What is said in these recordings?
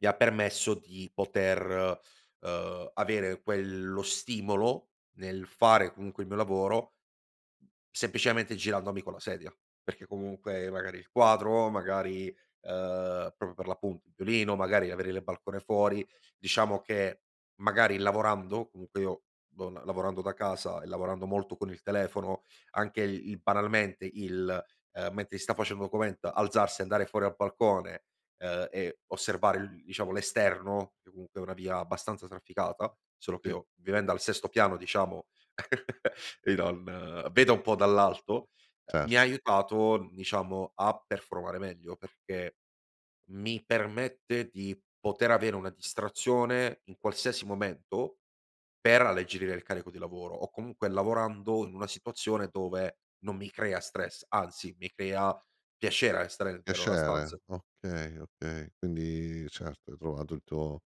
Mi ha permesso di poter, uhm, avere quello stimolo nel fare comunque il mio lavoro semplicemente girandomi con la sedia, perché comunque magari il quadro, magari, uhm, proprio per l'appunt il [unintelligible] magari avere il balcone fuori. Diciamo che magari lavorando, comunque io do l lavorando da casa e lavorando molto con il telefono, anche il il banalmente il ehm, mentre si sta face il document alzarsi e andare fuori a balcone, ehm, e osservare l diciamo l'esterno, che comunque è una via abbastanza trafficata, solo che Sì. io vivendo al sesto piano diciamo i non vedo un po' dall'alto, uhm, Cer mi ha aiutato diciamo a performare meglio, perché mi permette di poter avere una distrazione in qualsiasi momento per alleggerire il carico di lavoro o comunque lavorando in una situazione dove non mi crea stress, anzi mi crea piacere restare dentro una stanz Piacere, okay, okay, quindi certo, hai trovato il tuo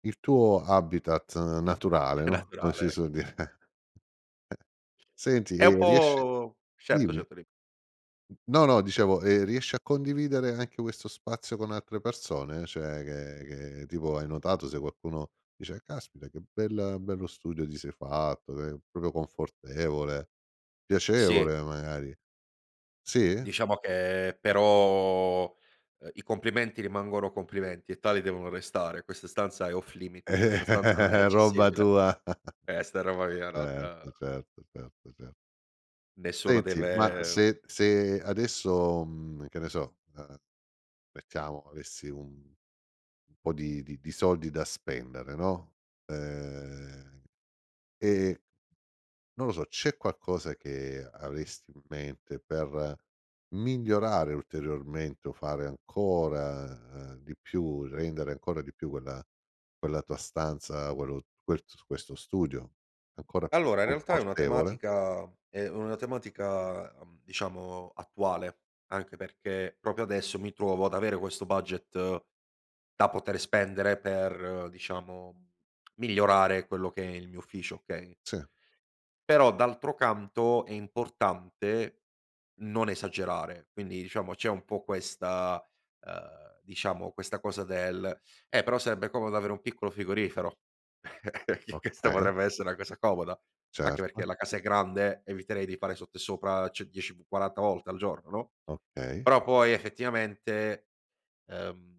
il tuo habitat naturale, È no, come si naturale, ecco. suol dire. [unintelligible] Senti È un e riesci po' certo, dimmi. certo di No, no, dicevo, e riesci a condividere anche questo spazio con altre persone? Cioè che che tipo hai notato se qualcuno dice: "Caspita che bel bello studio ti sei fatto, che proprio confortevole." Sì. Piacevole magari. Sì? Diciamo che però, uhm, i complimenti rimangono complimenti e tali devono restare. Questa stanza è off Eh, limit, questa stanza non è roba accessibile. tua. Questa è roba mia, non Certo, certo, certo, cer nessuno Senti, ma deve se se adesso, mhmm, che ne so, ehm, mettiamo avessi un un po' di di di soldi da spendere, no, ehm, e non lo so, c'è qualcosa che avresti in mente per migliorare ulteriormente o fare ancora, ehm, di più, rendere ancora di più quella quella tua stanza, quello quets questo studio ancora più Allora, in realtà è una confortevole? tematica è una tematica, uhm, diciamo attuale anche perché proprio adesso mi trovo ad avere questo budget da poter spendere per diciamo migliorare quello che è il mio ufficio, okay Sì. però d'altro canto è importante non esagerare. Quindi diciamo c'è un po' questa ehm, diciamo questa cosa del: "Eh però sarebbe comodo avere un piccolo frigorifero." perché questa Okay. potrebbe esse' una cosa comoda, anche perché Certo. la casa è grande, eviterei di fare sotto e sopra cioè 10, v 40 volte al giorno, no? Okay. Però poi effettivamente, ehm